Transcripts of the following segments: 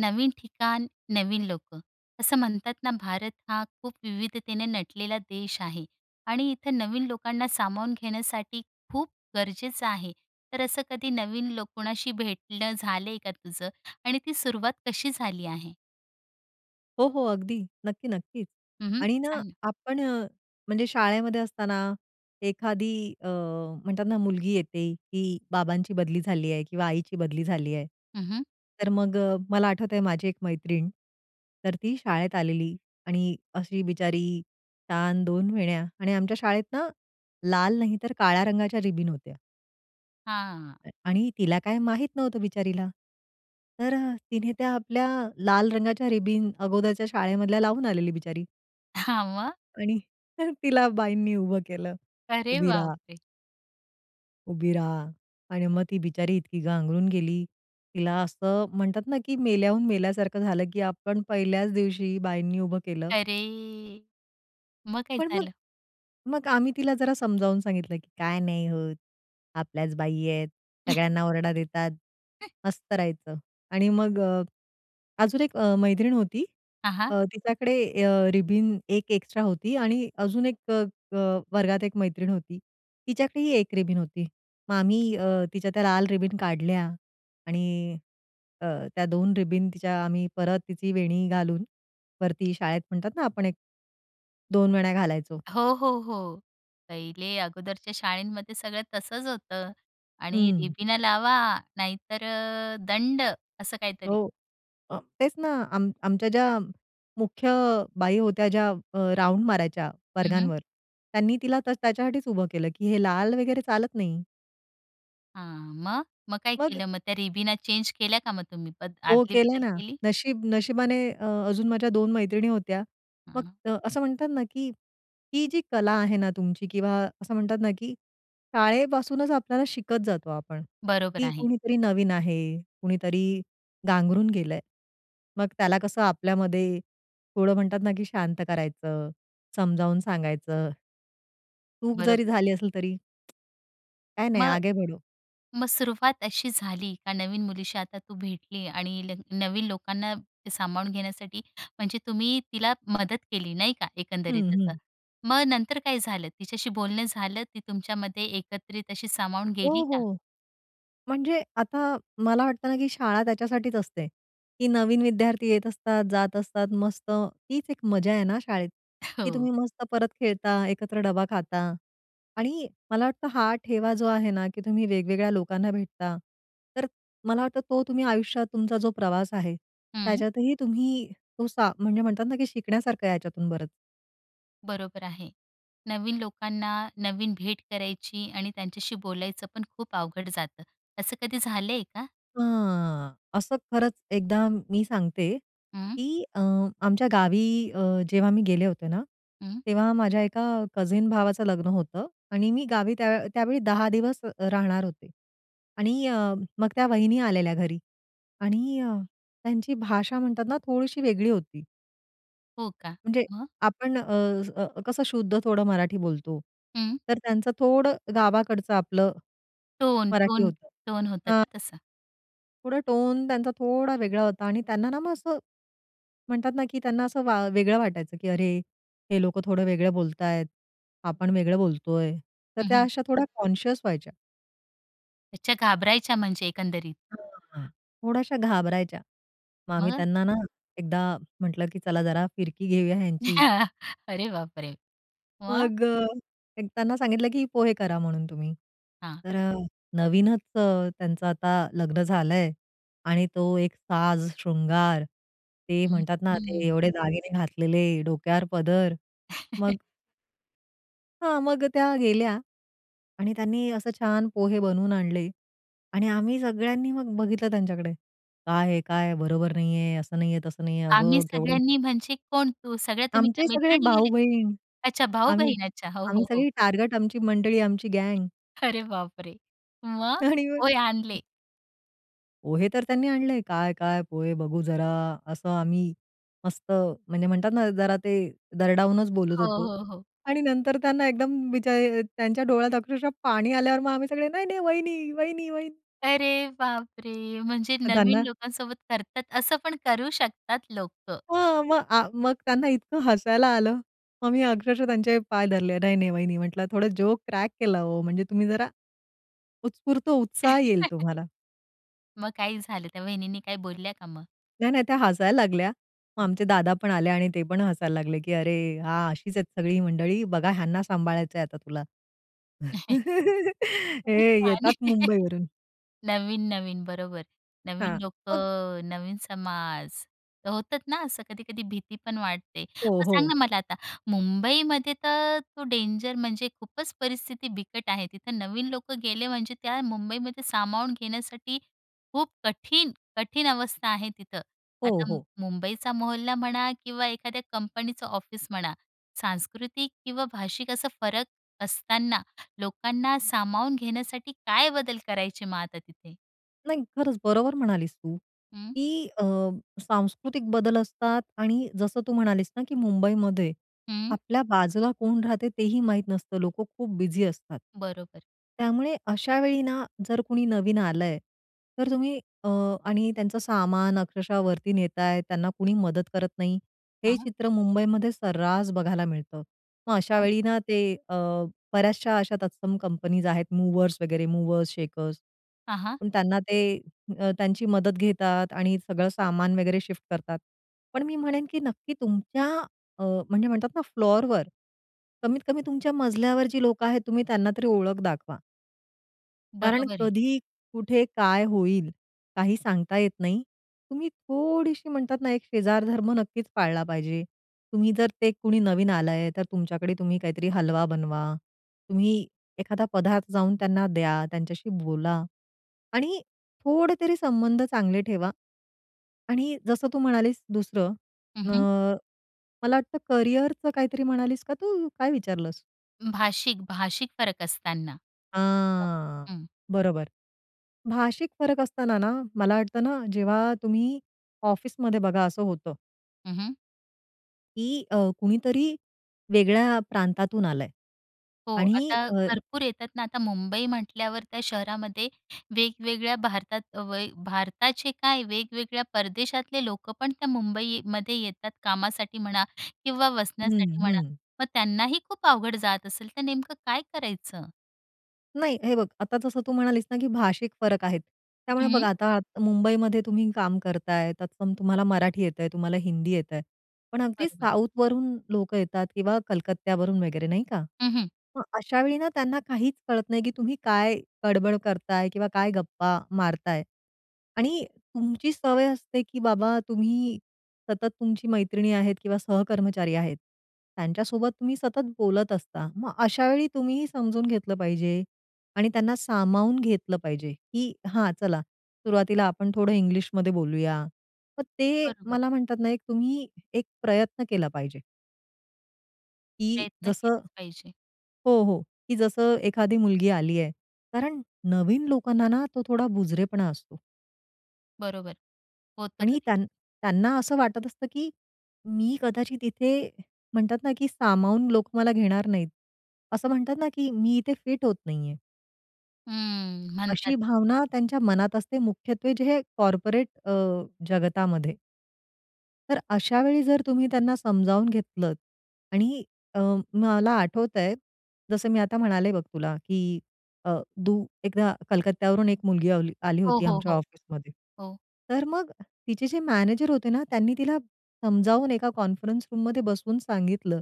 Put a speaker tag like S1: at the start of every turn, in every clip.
S1: नवीन ठिकाण, नवीन लोकं. असं म्हणतात ना, भारत हा खूप विविधतेने नटलेला देश आहे. आणि इथं नवीन लोकांना सामावून घेण्यासाठी खूप गरजेचं आहे. तर असं कधी नवीन लोक कुणाशी भेटणं झालंय का तुझं? आणि ती सुरुवात कशी झाली आहे?
S2: हो, हो. अगदी. नक्की, नक्कीच.
S1: हं, हं,
S2: आणि ना
S1: सांग ना.
S2: आपण म्हणजे शाळेमध्ये असताना एखादी अ, म्हणतात ना, मुलगी येते की बाबांची बदली झाली आहे किंवा आईची बदली झाली आहे.
S1: हं, हं.
S2: तर मग मला आठवतंय माझी एक मैत्रीण. तर ती शाळेत आलेली आणि अशी बिचारी छान 2 वेण्या आणि आमच्या शाळेत ना लाल नाही तर काळ्या रंगाच्या रिबिन होत्या.
S1: हां.
S2: अ, आणि तिला काय माहीत नव्हतं बिचारीला. तर तिने त्या आपल्या लाल रंगाच्या रिबीन अगोदरच्या शाळेमधल्या लावून आलेली बिचारी.
S1: हां, मग?
S2: आणि तर तिला बाईंनी उभं केलं,
S1: अरे
S2: "उभी
S1: बाप
S2: राहा!"
S1: रे!
S2: "उभी राहा!" आणि मग ती बिचारी इतकी गांगरून गेली, तिला असं म्हणतात ना की मेल्याहून मेल्यासारखं झालं की आपण पहिल्याच दिवशी बाईंनी उभं केलं.
S1: अरे! मग काय
S2: पण मग
S1: झालं?
S2: मग आम्ही तिला जरा समजावून सांगितलं की "काय नाही होत, आपल्याच बाई आहेत, सगळ्यांना ओरडा देतात, मस्त राहायचं." आणि मग अ, अजून 1 अ, मैत्रीण होती.
S1: हां, हां.
S2: तिच्याकडे अ, रिबिन 1 एक्स्ट्रा होती आणि अजून एक अ, अ, वर्गात 1 मैत्रीण होती. तिच्याकडेही 1 रिबीन होती. मग आम्ही अ, तिच्या त्या लाल रिबीन काढल्या आणि अ, त्या 2 रिबन तिच्या आम्ही परत तिची वेणी घालून वरती शाळेत म्हणतात ना, आपण एक 2 वेण्या घालायचो.
S1: हो, हो, हो. पहिले अगोदरच्या शाळेंमध्ये सगळं तसंच होतं. आणि
S2: हं.
S1: रिबीना लावा, नाहीतर दंड. असं काहीतरी.
S2: हो. अ, तेच ना, आम आमच्या ज्या मुख्य बाई होत्या ज्या अ, राउंड मारायच्या
S1: हं, हं.
S2: वर्गांवर, त्यांनी तिला त्याच्यासाठीच उभं केलं, की हे लाल वगैरे चालत नाही.
S1: हां. मग, मग काय
S2: मग?
S1: केलं? मग त्या रिबीना चेंज केल्या का मग तुम्ही,
S2: हो.
S1: आतली
S2: केल
S1: बदल
S2: ना.
S1: केली?
S2: नशीब नशिबाने अ, अजून माझ्या 2 मैत्रिणी होत्या.
S1: हां.
S2: मग असं म्हणतात ना की, ही जी कला आहे ना तुमची किंवा असं म्हणतात ना की, शाळेपासूनच आपल्याला शिकत जातो आपण.
S1: बरोबर
S2: की
S1: आहे.
S2: कुणीतरी नवीन आहे. कुणीतरी गांगरून गेलंय. मग त्याला कसं आपल्यामध्ये थोडं म्हणतात ना की शांत करायचं, समजावून सांगायचं. चूक जरी
S1: बरोबर.
S2: झाली असेल तरी काही नाही.
S1: मग,
S2: आगे बढो.
S1: मग सुरुवात अशी झाली का नवीन मुलीशी आता तू भेटली आणि ल नवीन लोकांना सामावून घेण्यासाठी. म्हणजे तुम्ही तिला मदत केली. नाही का?
S2: हं,
S1: एकंदरीत असं.
S2: हं.
S1: मग नंतर काय झालं तिच्याशी बोलणं झालं ती तुमच्यामध्ये एकत्रित अशी सामावून
S2: हो,
S1: गेली का?
S2: हो. म्हणजे आता मला वाटतं ना की शाळा त्याच्यासाठीच असते. की नवीन विद्यार्थी येत असतात, जात असतात. मस्त, हीच एक मजा आहे ना शाळेत. की तुम्ही
S1: हो.
S2: मस्त परत खेळता, एकत्र डबा खाता आणि मला वाटतं हा ठेवा जो आहे ना की तुम्ही वेगवेगळ्या लोकांना भेटता, तर मला वाटतं तो तुम्ही आयुष्यात तुमचा जो प्रवास आहे,
S1: हं.
S2: त्याच्यातही तुम्ही, तो सा म्हणजे म्हणतात ना की शिकण्यासारखं आहे याच्यातून बरंच.
S1: बरोबर आहे. नवीन लोकांना नवीन भेट करायची आणि त्यांच्याशी बोलायचं पण खूप अवघड जातं. असं कधी झालंय का?
S2: अ, असं खरंच एकदा मी सांगते,
S1: हं.
S2: की अ, आमच्या गावी अ, जेव्हा मी गेले होते ना,
S1: हं.
S2: तेव्हा माझ्या एका कझीन भावाचं लग्न होतं. आणि मी गावी त्या त्यावेळी 10 दिवस अ, राहणार होते. आणि अ, मग त्या वहिनी आलेल्या घरी आणि अ, त्यांची भाषा म्हणतात ना, थोडीशी वेगळी होती.
S1: हो का?
S2: म्हणजे
S1: मग?
S2: आपण अ, अ, कसं शुद्ध थोडं मराठी बोलतो.
S1: हं.
S2: तर त्यांचं थोडं गावाकडचं आपलं
S1: टोन,
S2: मराठी
S1: टोन,
S2: होतं.
S1: टोन होतं
S2: अ
S1: का तसा?
S2: थोडं टोन त्यांचा थोडा वेगळा होता आणि त्यांना ना, मग असं म्हणतात ना, की त्यांना असं वा वेगळं वाटायचं की अरे, हे लोकं थोडं वेगळं बोलतायत, आपण वेगळं बोलतोय. तर
S1: हं,
S2: त्या
S1: हं.
S2: अशा थोड्या कॉन्शीयस व्हायच्या.
S1: अच्छा, घाबरायच्या म्हणजे एकंदरीत.
S2: [unintelligible] थोड्याशा घाबरायच्या. मग आम्ही
S1: मग?
S2: त्यांना ना एकदा म्हंटलं, की "चला जरा फिरकी घेऊया ह्यांची."
S1: अरे बापरे! मग?
S2: मग, एक त्यांना सांगितलं, की "पोहे करा म्हणून तुम्ही."
S1: हां.
S2: तर नवीनच त्यांचं आता लग्न झालंय आणि तो एक साज शृंगार ते
S1: हं,
S2: म्हणतात ना, ते
S1: हं.
S2: एवढे दागिने घातलेले, डोक्यावर पदर. मग हां. मग अ, त्या गेल्या. आणि त्यांनी असं छान पोहे बनवून आणले आणि आम्ही सगळ्यांनी मग बघितलं त्यांच्याकडे. "काय हे काय? बरोबर नाहीये. असं नाहीये, तसं नाहीये.
S1: आम्ही
S2: अगं केवढं?"
S1: सगळ्यांनी, म्हणजे कोण तू सगळ्या तुम्ही
S2: आमचे
S1: त्या
S2: सगळे
S1: मैत्रिणी गेलेत?
S2: भाऊ-बहीण
S1: अच्छा!
S2: आम्ही,
S1: भाऊ-बहीण अच्छा हो,
S2: आम्ही
S1: हो, हो.
S2: सगळी टार्गट, आमची मंडळी आमची गँग.
S1: अरे बापरे! मग
S2: आणि मग.
S1: पोहे आणले.
S2: पोहे तर त्यांनी आणले. "काय काय पोहे बघू जरा." असं आम्ही मस्त म्हणजे म्हणतात ना जरा ते दरडावूनच बोलत
S1: हो,
S2: होतो
S1: हो, हो.
S2: आणि नंतर त्यांना एकदम बीचा त्यांच्या डोळ्यात अक्षरशः पाणी आल्यावर मग आम्ही सगळे "नाही, नाही वहिनी, वहिनी, वहिनी."
S1: अरे बापरे! म्हणजे नवीन
S2: त्यांना
S1: लोकांसोबत करतात असं पण करू शकतात लोकं.
S2: हो, मग आ मग त्यांना इतकं हसायला आलं. मग मी अक्षरशः त्यांचे पाय धरले "नाही, नाही वहिनी म्हंटलं थोडं जोक क्रॅक केला हो! म्हणजे तुम्ही जरा, उत्स्फूर्त उत्साह येईल तुम्हाला."
S1: मग काय झालं? त्या वहिनींनी काय बोलल्या का मग?
S2: नाही, नाही त्या हसायला लागल्या. मग आमचे
S1: [unintelligible]
S2: दादा पण आले आणि ते पण हसायला लागले की, "अरे हा अशीच आहेत सगळी मंडळी. बघा ह्यांना सांभाळायचंय आता तुला."
S1: खूपच
S2: हे
S1: छान
S2: येतात
S1: आहे.
S2: मुंबई वरून.
S1: नवीन-नवीन बरोबर नवीन
S2: हां. बघ.
S1: लोकं.नवीन समाज, होतात ना असं कधी-कधी भीती पण वाटते.
S2: हो,
S1: मग सांग
S2: हो.
S1: ना मला आता मुंबईमध्ये तर तो डेंजर म्हणजे खूपच परिस्थिती बिकट आहे तिथं. नवीन लोक गेले म्हणजे त्या मुंबईमध्ये सामावून घेण्यासाठी खूप कठीण, कठीण अवस्था आहे तिथं.
S2: हो,
S1: आता
S2: हो.
S1: मुंबईचा मोहल्ला म्हणा किंवा एखाद्या कंपनीचं ऑफिस म्हणा, सांस्कृतिक किंवा भाषिक असा फरक असताना लोकांना सामावून घेण्यासाठी काय बदल करायची मग आता तिथे?
S2: नाही खरंच, बरोबर म्हणालीस तू
S1: हं.
S2: की अ, सांस्कृतिक बदल असतात आणि जसं, तू म्हणालीस ना की मुंबईमध्ये,
S1: हं.
S2: आपल्या बाजूला कोण राहते तेही माहीत नसतं. लोकं खूप बिझी असतात.
S1: बरोबर.
S2: त्यामुळे अशावेळी ना, जर कुणी नवीन आलंय, तर तुम्ही अ, आणि त्यांचं सामान अक्षरशः वरती नेताय, त्यांना कुणी मदत करत नाही, हे
S1: हां.
S2: चित्र मुंबईमध्ये सर्रास बघायला मिळतं. मग
S1: [unintelligible]
S2: अशावेळी ना, ते अ, बऱ्याचशा अशा तत्सम कंपनीज आहेत, मूव्हर्स वगैरे मूव्हर्स शेकर्स
S1: हां, हां.
S2: पण त्यांना, ते अ, त्यांची मदत घेतात आणि सगळं सामान वगैरे शिफ्ट करतात. पण, मी म्हणेन की नक्की तुमच्या अ, म्हणजे म्हणतात ना, फ्लोरवर कमीत कमी तुमच्या मजल्यावर जी लोकं आहेत, तुम्ही त्यांना तरी ओळख दाखवा. कारण
S1: बरोबर आहे.
S2: कधी कुठे, काय होईल, काही सांगता येत नाही. तुम्ही थोडीशी म्हणतात ना, एक शेजार धर्म नक्कीच पाळला पाहिजे. तुम्ही जर, ते कुणी नवीन आलंय, तर तुमच्याकडे तुम्ही काहीतरी हलवा बनवा, तुम्ही एखादा पदार्थ जाऊन त्यांना द्या, त्यांच्याशी बोला आणि थोडेतरी संबंध चांगले ठेवा. आणि जसं तू म्हणालीस दुसरं,
S1: हं,
S2: अ,
S1: हं.
S2: मला वाटतं करियरचं काहीतरी म्हणालीस का तू? काय विचारलंस?
S1: भाषिक-भाषिक फरक असताना. [unintelligible]
S2: हां.
S1: हं.
S2: बरोबर. भाषिक फरक असताना ना, मला वाटतं ना, जेव्हा तुम्ही ऑफिसमध्ये बघा असं होतं.
S1: हं, हं.
S2: की अ, कुणीतरी वेगळ्या प्रांतातून आलंय.
S1: हो,
S2: आणि
S1: आता
S2: अ.
S1: भरपूर येतात ना. आता मुंबई म्हटल्यावर त्या शहरामध्ये वेगवेगळ्या भारतात, अ, व य भारताचे काय वेगवेगळ्या परदेशातले लोकं पण त्या मुंबईमध्ये येतात, कामासाठी म्हणा किंवा वसण्यासाठी
S2: हं,
S1: म्हणा.
S2: हं.
S1: मग त्यांनाही खूप अवघड जात असेल, तर नेमकं काय करायचं?
S2: नाही, हे बघ आता जसं तू म्हणालीस ना की भाषिक फरक आहेत, त्यामुळे बघ
S1: हं.
S2: आता मुंबईमध्ये तुम्ही काम करताय, तत्सम तुम्हाला मराठी येतंय, तुम्हाला हिंदी येतंय पण अगदी
S1: बरोबर.
S2: साऊथवरून लोकं येतात किंवा वगैरे कलकत्त्यावरून नाही का.
S1: हं, हं.
S2: मग अशावेळी ना त्यांना काहीच कळत नाही, की तुम्ही काय बड-बड करताय किंवा काय गप्पा मारताय. आणि तुमची सवय असते, की बाबा, तुम्ही सतत तुमची मैत्रिणी आहेत किंवा सहकर्मचारी आहेत, त्यांच्यासोबत तुम्ही सतत बोलत असता. मग अशावेळी तुम्हीही समजून घेतलं पाहिजे. आणि त्यांना सामावून घेतलं पाहिजे, की "हां चला, सुरुवातीला आपण थोडं इंग्लिश मध्ये बोलूया." मग ते
S1: बरोबर.
S2: मला म्हणतात ना, एक तुम्ही एक प्रयत्न केला पाहिजे. की
S1: प्रयत्न
S2: जसं
S1: केलेच पाहिजे.
S2: हो, हो. की जसं एखादी मुलगी आलीये. कारण नवीन लोकांना ना, तो थोडा बुजरेपणा असतो.
S1: बरोबर. होतं
S2: आणि
S1: कधी-कधी.
S2: त्यां त्यांना असं वाटत असतं, की मी कदाचित इथे म्हणतात ना, की सामावून लोक मला घेणार नाहीत. असं म्हणतात ना, की मी इथे फिट होत नाहीये.
S1: हम्म,
S2: अशी
S1: म्हणतात.
S2: भावना त्यांच्या मनात असते मुख्यत्वे, जे हे कॉर्पोरेट अ, जगतामध्ये. तर अशा वेळी जर तुम्ही त्यांना समजावून घेतलंत आणि अं, मला आठवतंय, जसं मी आता म्हणाले बघ तुला, की अ, तू एकदा कलकत्यावरून एक मुलगी आ आली आली
S1: हो,
S2: होती
S1: हो,
S2: आमच्या
S1: हो.
S2: ऑफिसमध्ये.
S1: हो.
S2: तर मग तिचे जे मॅनेजर होते ना, त्यांनी तिला समजावून एका कॉन्फरन्स रूममध्ये बसवून सांगितलं,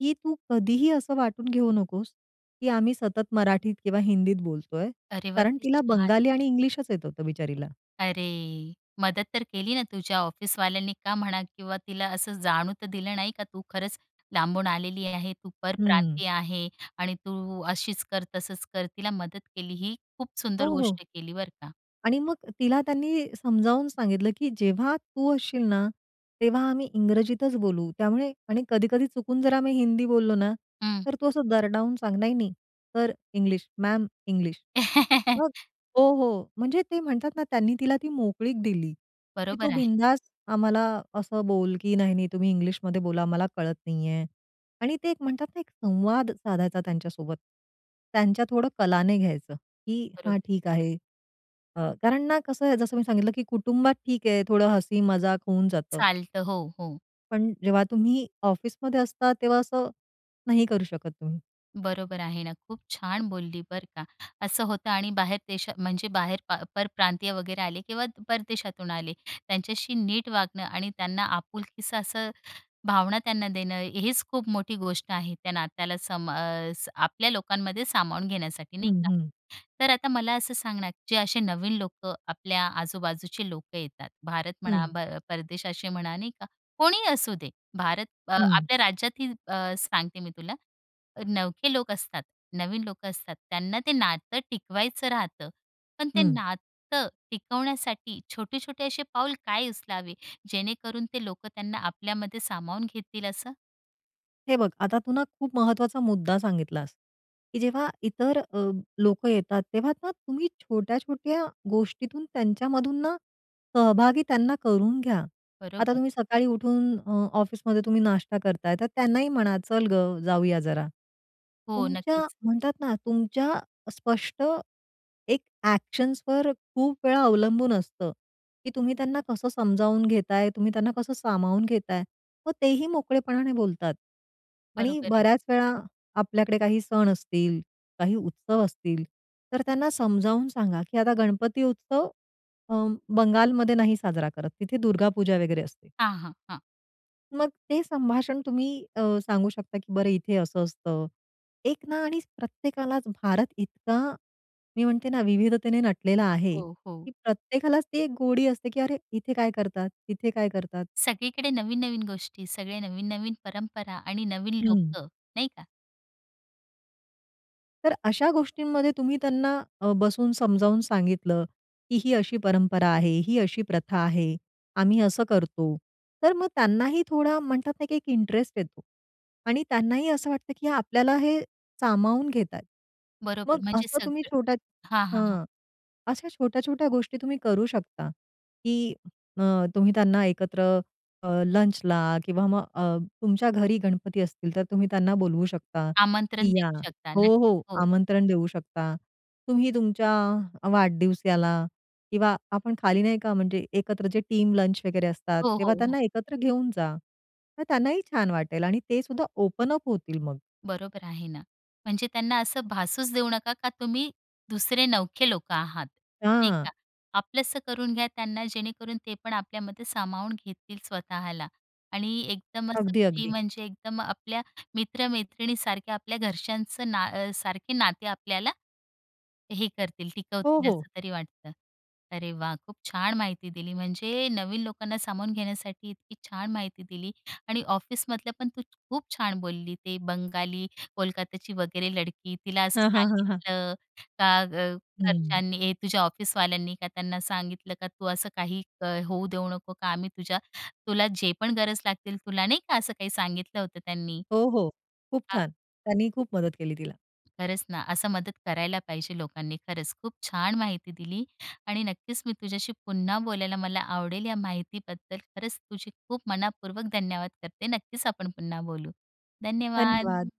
S2: की "तू कधीही असं वाटून घेऊ नकोस, की आम्ही सतत मराठीत किंवा हिंदीत बोलतोय."
S1: अरे वाह!
S2: कारण
S1: किती
S2: तिला
S1: छान.
S2: बंगाली आणि इंग्लिशच येत होतं बिचारीला.
S1: अरे! मदत तर केली ना, तुझ्या ऑफिसवाल्यांनी का म्हणा किंवा तिला असं जाणू तर दिलं नाही का? तू खरंच लांबून आलेली आहे, तू
S2: हं.
S1: परप्रांतीय आहे. आणि तू अशीच कर, तसंच कर, तिला मदत केली. ही खूप सुंदर
S2: हो, हो.
S1: गोष्ट केली बरं का.
S2: आणि मग तिला त्यांनी समजावून सांगितलं, की "जेव्हा तू असशील ना, तेव्हा आम्ही इंग्रजीतच बोलू." त्यामुळे आणि कधी-कधी चुकून जर आम्ही हिंदी बोललो ना,
S1: हं.
S2: तर तू असं दरडावून सांग, "नाही, नाही सर इंग्लिश, मॅम इंग्लिश." मग हो. हो. म्हणजे ते म्हणतात ना, त्यांनी तिला ती मोकळीक दिली, की तो
S1: बरोबर आहे.
S2: बिनधास आम्हाला असं बोल की "नाही, नाही, तुम्ही इंग्लिशमध्ये बोला मला कळत नाही आहे." आणि ते एक म्हणतात ना, एक संवाद साधायचा त्यांच्यासोबत. त्यांच्या थोडं कलाने घ्यायचं, की
S1: बरो
S2: हां, ठीक आहे अ, कारण ना कसं आहे, जसं मी सांगितलं, की कुटुंबात ठीक आहे, थोडं हसी मजाक होऊन जातं.
S1: चालतं. हो, हो.
S2: पण जेव्हा तुम्ही ऑफिसमध्ये असता. तेव्हा असं, नाही करू शकत तुम्ही.
S1: बरोबर आहे ना खूप छान बोलली बरं का. असं होतं आणि बाहेर देशा म्हणजे बाहेर पा परप्रांतीय वगैरे आले किंवा परदेशातून आले. त्यांच्याशी नीट वागणं आणि त्यांना आपुलकीची अशी भावना त्यांना देणं हीच खूप मोठी गोष्ट आहे, त्या नात्याला सम अ, आपल्या लोकांमध्ये सामावून घेण्यासाठी नाही
S2: हं.
S1: का.
S2: हं.
S1: तर आता मला असं सांग ना जे असे नवीन लोकं आपल्या आजूबाजूचे लोकं येतात. भारत म्हणा
S2: हं.
S1: प परदेश असे म्हणा नाही का? कोणीही असू दे. भारत
S2: हं.
S1: आपल्या राज्यातही आ, सांगते मी तुला नवखे लोक असतात, नवीन लोक असतात त्यांना ते नातं टिकवायचं राहतं. पण ते
S2: हं.
S1: नातं टिकवण्यासाठी छोटे-छोटे असे पाऊल काय उचलावे जेणेकरून ते लोक त्यांना आपल्यामध्ये सामावून घेतील असं?
S2: हे बघ, आता तू ना खूप महत्त्वाचा मुद्दा सांगितलास, की जेव्हा इतर अ, लोकं येतात. तेव्हा ना तुम्ही छोट्या-छोट्या गोष्टीतून त्यांच्यामधून ना, सहभागी त्यांना करून घ्या. आता
S1: बरोबर.
S2: तुम्ही सकाळी उठून अ, ऑफिसमध्ये तुम्ही नाश्ता करताय तर त्यांनाही म्हणा, चल गं जाऊया जरा.
S1: हो.
S2: तुमच्या
S1: नक्कीच.
S2: म्हणतात ना तुमच्या स्पष्ट एक एक्शन्सवर खूप वेळा अवलंबून असतं की तुम्ही त्यांना कसं समजावून घेताय? तुम्ही त्यांना कसं सामावून घेताय? मग तेही मोकळेपणाने बोलतात. आणि
S1: बरोबर आहे.
S2: बऱ्याच वेळा आपल्याकडे काही सण असतील, काही उत्सव असतील. तर त्यांना समजावून सांगा, की आता गणपती उत्सव अ, बंगालमध्ये नाही साजरा करत तिथे दुर्गा पूजा वगैरे असते.
S1: हां, हां. हां.
S2: मग ते संभाषण तुम्ही, अ, सांगू शकता, की "बरं, इथे हे असं असतं. एक ना आणि प्रत्येकालाच भारत इतका" मी म्हणते ना, "विविधतेने नटलेला आहे,
S1: हो,
S2: की
S1: हो.
S2: प्रत्येकालाच ती एक गोडी असते," की "अरे, इथे काय करतात? तिथे काय करतात?"
S1: सगळीकडे नवीन-नवीन गोष्टी, सगळे नवीन-नवीन परंपरा आणि नवीन
S2: हं.
S1: लोकं, नाही का?
S2: तर अशा गोष्टींमध्ये तुम्ही त्यांना, अ, बसवून समजावून सांगितलं, की "ही अशी परंपरा आहे, ही अशी प्रथा आहे, आम्ही असं करतो." तर मग त्यांनाही थोडा, म्हणतात ना, की एक इंटरेस्ट येतो. आणि त्यांनाही असं वाटतं, की आपल्याला हे सामावून घेतायेत.
S1: बरोबर.
S2: मग
S1: म्हणजे
S2: असं तुम्ही
S1: सगळं
S2: छोट्या
S1: हां, हां, हां.
S2: हं, अशा छोट्या-छोट्या गोष्टी तुम्ही करू शकता, की अ, तुम्ही त्यांना एकत्र अ, लंचला किंवा मग, अ, तुमच्या घरी गणपती असतील, तर तुम्ही त्यांना बोलवू शकता, की
S1: आमंत्रण
S2: या
S1: देऊ शकता,
S2: हो,
S1: नक्कीच.
S2: हो,
S1: हो.
S2: आमंत्रण देऊ शकता. तुम्ही तुमच्या वाढदिवसाला किंवा आपण खाली नाही का, म्हणजे एकत्र जे टीम लंच वगैरे असतात,
S1: हो,
S2: तेव्हा
S1: हो, हो.
S2: त्यांना एकत्र घेऊन जा. तर त्यांनाही छान वाटेल आणि ते सुद्धा ओपन अप होतील मग.
S1: बरोबर आहे ना, म्हणजे त्यांना असं भासूच देऊ नका, का तुम्ही दुसरे नवखे लोकं आहात, नाही
S2: हां.
S1: का? आपलंसं करून घ्या त्यांना, जेणेकरून ते पण आपल्यामध्ये सामावून घेतील स्वतःला. आणि एकदम असं
S2: अगदी,
S1: फ्री,
S2: अगदी.
S1: म्हणजे एकदम आपल्या मित्रमैत्रिणीसारख्या, आपल्या घरच्यांच ना सारखं नाते आपल्याला हे करतील,
S2: हो,
S1: टिकवतील,
S2: हो.
S1: असं तरी वाटतं. अरे वाह! खूप छान माहिती दिली. म्हणजे नवीन लोकांना सामावून घेण्यासाठी इतकी छान माहिती दिली. आणि ऑफिसमधलं पण तू खूप छान बोलली. ते बंगाली, कोलकात्याची वगैरे लडकी, तिला असं
S2: हां, हां, हां, हां.
S1: सांगितलं, का अ,
S2: हम्म.
S1: घरच्यांनी हे तुझ्या ऑफिसवाल्यांनी का, त्यांना सांगितलं का, तू असं काही, क होऊ देऊ नको का, आम्ही तुझ्या तुला जे पण गरज लागतील, तुला नाही का, असं काही सांगितलं होतं त्यांनी?
S2: हो, हो. खूप
S1: हां.
S2: छान, त्यांनी खूप मदत केली तिला.
S1: खरंच ना, असं मदत करायला पाहिजे लोकांनी, खरंच खूप छान माहिती दिली. आणि नक्कीच मी तुझ्याशी पुन्हा बोलायला मला आवडेल. या माहितीबद्दल खरंच तुझी खूप मनःपूर्वक धन्यवाद करते. नक्कीच आपण पुन्हा बोलू. धन्यवाद!
S2: धन्यवाद!